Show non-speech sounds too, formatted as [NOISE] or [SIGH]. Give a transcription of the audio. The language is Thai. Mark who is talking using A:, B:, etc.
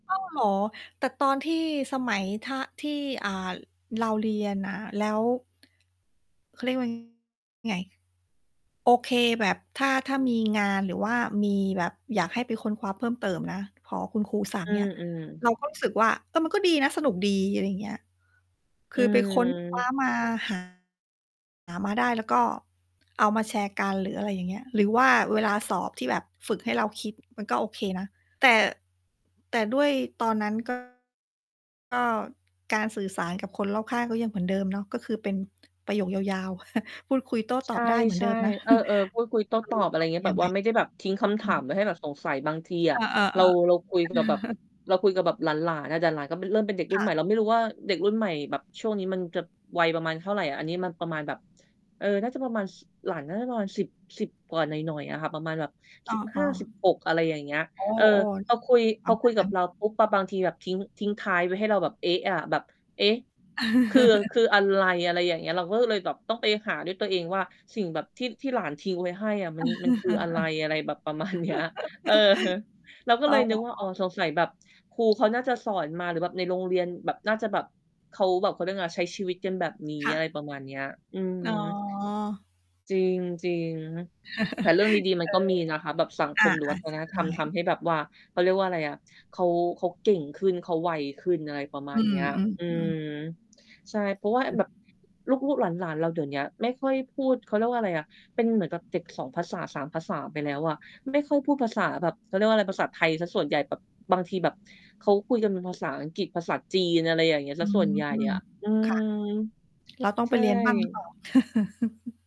A: อ้าว เหรอ? แต่ตอนที่สมัย ถ้า ที่ อ่า เราเรียนน่ะ แล้ว เขา เรียกว่า ไง โอเค แบบถ้า ถ้ามีงานหรือว่ามีแบบอยากให้ไปค้นคว้าเพิ่มเติมนะ พอคุณครูสั่ง
B: อื
A: เงี้ย
B: อ ๆ
A: เราก็ รู้สึก ว่า เออ มันก็ดีนะสนุกดี อะไรอย่างเงี้ย ค
B: อื
A: ือไปค้นคว้า
B: ม
A: มา หา หามาได้แล้วก็เอามาแชร์กัน หรืออะไรอย่างเงี้ย หรือว่าเวลาสอบที่แบบฝึกให้เราคิดมันก็โอเคนะ แต่ แต่ด้วยตอนนั้น ก็ ก็การสื่อสารกับคนรอบข้างก็ยังเหมือนเดิมเนาะ ก็คือเป็นประโยคยาว ๆ [CHUCKLES] พูดคุยโต้
B: ใ
A: ต
B: ช
A: อ
B: ่
A: บได้เหมือนเดิมนะ
B: ๆ เอ
A: [CHUCKLES]
B: อ ๆ พูดคุยโต้
A: ค
B: ต
A: ือ
B: อบ อะไ
A: ม
B: รอ
A: ั
B: ย่
A: น
B: า
A: ต
B: ง
A: ้
B: ง
A: อ
B: ี้
A: ง
B: แ
A: ย
B: บ
A: ัง
B: บ
A: ไ
B: ว
A: ง
B: ่าไม่ได้แบบทิ้งคำถ
A: อื
B: ามไว
A: ม
B: ้ให้แบบสงสัย บางที
A: เ
B: อ
A: อ
B: ะเร
A: อ
B: า เราคุย
A: ๆ ๆ
B: กับแบบ
A: [CHUCKLES]
B: เราคุยกับแบบหลาน ๆ อะ แต่หลานก็เป็น เริ่มเป็นเด็กร
A: ค
B: ุ่
A: ่
B: นใหม่ เ
A: ะ
B: ราไม่รู้ว่าเด็กรุ่นใหม่แบบช่วงนี้มันจะวัยประมาณเท่าไร อันนี้มันประมาณแบบ เอ่อ น่าจะประมาณ ส หลานน่าจะประมาณ 10- 10 กว่าหน่อย ๆ อะค่ะ ประมาณแบบ
A: อ
B: สิบห้
A: ้อ
B: า
A: ๆ
B: สิบหก อะไรอย่างเงี้ย
A: โอ้
B: เออ พอคุย
A: ๆ ป
B: พ
A: ระ
B: อ
A: ม
B: ค
A: า
B: ุ
A: ณ
B: ย
A: น
B: ก
A: ั
B: ั
A: ้
B: บ
A: น
B: เราปุ๊บ บ บางทีแบบทิ้ง ทิ้งท้ายไว้ให้เราแบบ เอ๊ะ อะ แบบ เอ๊ะ! คือ ค
A: [CHUCKLES]
B: ืออะไร อะไรอย่างเงี้ย เราก็เลยแบบต้องไปหาด้วยตัวเองว่าสิ่งแบบที่ ที่หลานทิ้งไว้ให้อะมัน มันคืออะไร อะไรแบบ ประมาณเนี้ย เออ
A: [LAUGHS]
B: เราก็
A: อ๋
B: เ
A: อ
B: ลยนึกว่า อ๋อ สงสัยแบบครูเขาน่าจะสอนมา หรือแบบในโรงเรียนแบบน่าจะแบบ เขาแบบ เขาเรียกว่าไง ใช้ชีวิตกันแบบนี้
A: ค่
B: อะ
A: ะ
B: ไรประมาณเนี้ย อื
A: อ๋อ
B: ม จริง ๆ ฮึ แต่เรื่องดี ๆ
A: [CHUCKLES]
B: ม
A: เ
B: ัน
A: อ
B: ก็
A: อ
B: มีนะคะ แบบสัง
A: อ
B: คม หรือวั
A: ะ
B: ฒ
A: ๆ ใช
B: น
A: ่
B: ธรรมทำให้แบบว่า เขาเรียกว่าอะไรอะ เขา เขาเก่งขึ้น เขาไวขึ้น อะไรประม
A: อ
B: า
A: ื
B: ณเน
A: ม
B: ี้ย อืม
A: ๆ ๆ
B: ใช่ เพราะว่า อ แบบ ลูก ๆ หลาน ๆ เราเดี๋ยวเนี้ยไม่ค่อยพูด เขาเรียกว่าอะไรอะ เป็นเหมือนกับเด็ก 2 ภาษา 3 ภาษาไปแล้วอะไม่ค่อยพูดภาษาแบบ เขาเรียกว่าอะไร ภาษาไทยเสียส่วนใหญ่ แบบบางทีแบบเขาคุยกันเป็นภาษาอังกฤษ ภาษาจีน อะไรอย่างเงี้ย เ
A: อ
B: สี
A: ื
B: ยส่
A: ม
B: วนใหญ่อะ อื
A: ค่ะ
B: ม
A: เราต้อง
B: ใช
A: ไป
B: ่
A: เรียนบ้าง หรือเปล่า? [CHUCKLES]